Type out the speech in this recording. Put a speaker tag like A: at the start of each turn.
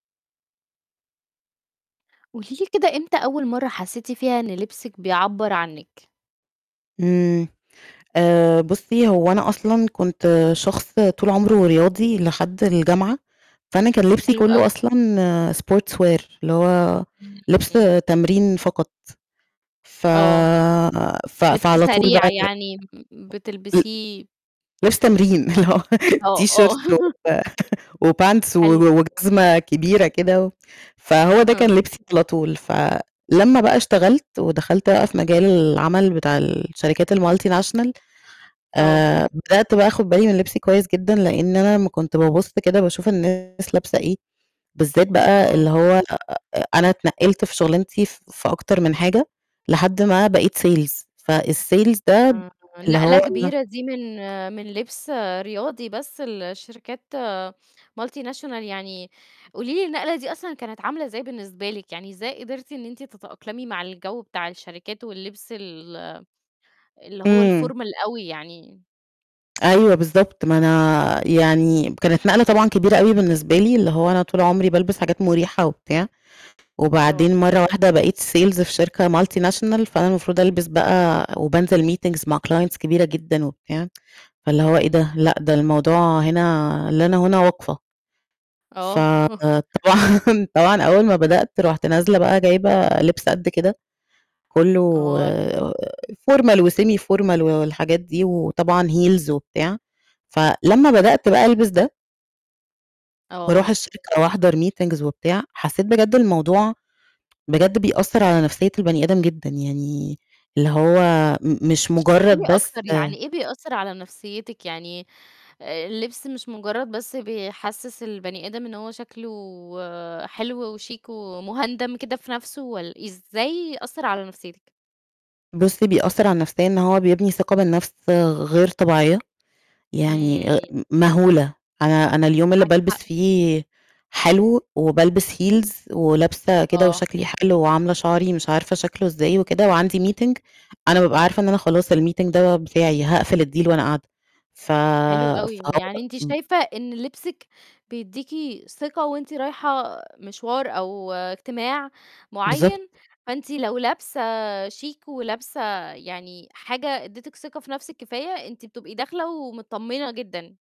A: قولي لي كده إمتى أول مرّة حسيتِ فيها إن لبسِك بيعبر عنِك؟
B: امم، آآ بُصّي هو أنا أصلًا كنت شخص طول عمره رياضي لحد الجامعة، فأنا كان لبسي
A: حلو أوي.
B: كلّه أصلًا sportswear، اللي هو لِبس
A: امم.
B: تمرين فقط. ف
A: آه.
B: ف
A: لِبس
B: فعلى طول بقى
A: سريع
B: ال
A: يعني م
B: ل
A: بتلبسيه
B: لبس تمرين اللي هو
A: [unintelligible] آه، آه.
B: تيشيرت و وpants و
A: حلو.
B: و وجزمة كبيرة كده و فهو ده كان
A: أها.
B: لبسي على طول. فلمّا بقى اشتغلت ودخلت بقى في مجال العمل بتاع الشركات الmultinational،
A: آه.
B: آآ بدأت بقى آخد بالي من لِبسي كويس جدًا لأن أنا أمّا كنت بابُص كده باشوف الناس لابسة إيه، بالذات بقى
A: آه.
B: اللي هو آآ أنا اتنقِّلت في شغلانتي ف في أكتر من حاجة لحد ما بقيت sales. فالsales ده
A: آآ،
B: اللي
A: نقلة
B: هو
A: كبيرة دي من من لِبس رياضي بس لشركات multinational يعني. قولي لي النقلة دي أصلًا كانت عاملة إزاي بالنسبة لِك؟ يعني إزاي قدرتِ إن أنتِ تتأقلمي مع الجو بتاع الشركات واللبس ال اللي هو
B: امم.
A: الformal أوي يعني؟
B: أيوه بالضبط، ما أنا يعني كانت نقلة طبعًا كبيرة أوي بالنسبة لي، اللي هو أنا طول عمري بالبس حاجات مُريحة وبتاع.
A: آه.
B: وبعدين مرّة واحدة بقيت sales في شركة multinational فأنا المفروض ألبس بقى وبانزل meetings مع clients كبيرة جدًا وبتاع، فاللي هو إيه ده؟
A: امم.
B: لأ، ده الموضوع هنا لنا هنا وقفة.
A: آه.
B: فطبعًا طبعًا أول ما بدأت رُحت نازلة بقى جايبة لِبس قد كده، كلّه
A: آه.
B: formal وsemi-formal و والحاجات دي وطبعًا heels وبتاع. فلمّا بدأت بقى ألبس ده وأروح
A: آه.
B: الشركة وأحضر meetings وبتاع، حسيت بجد الموضوع بجد بيأثر على نفسية البني آدم جدًا، يعني اللي هو م مش
A: اشرحي لي
B: مجرد بس
A: أكتر، يعني إيه بيأثر على نفسيتِك؟ يعني آآ، اللبس مش مجرد بس بيحسس البني آدم إن هو شكله حلو وشيك ومهُندَم كده في نفسه، والّ– إزاي أثّر على نفسيتِك؟
B: بُصّي، بيأثر على النفسية إن هو بيبني ثقة بالنفس غ غير طبيعية، يعني آآ
A: امم.
B: م مهولة. أنا أنا اليوم اللي
A: معاكِ
B: بالبس
A: حق.
B: فيه حلو وبالبس heels ولابسة كده
A: آه.
B: وشكلي حلو وعاملة شعري مش عارفة شكله إزاي وكده، وعندي meeting، أنا بابقى عارفة إن أنا خلاص الmeeting ده بتاعي، هاقفل الdeal وأنا قاعدة. ف
A: حلو أوي،
B: فهو
A: يعني أنتِ
B: م
A: شايفة إن لبسِك بيدّيكِ ثقة وأنتِ رايحة مشوار أو اجتماع معيّن،
B: بالضبط.
A: فأنتِ لو لابسة شيك ولابسة يعني حاجة ادّتِك ثقة في نفسِك كفاية، أنتِ بتبقي داخلة ومتطمنة جدًا.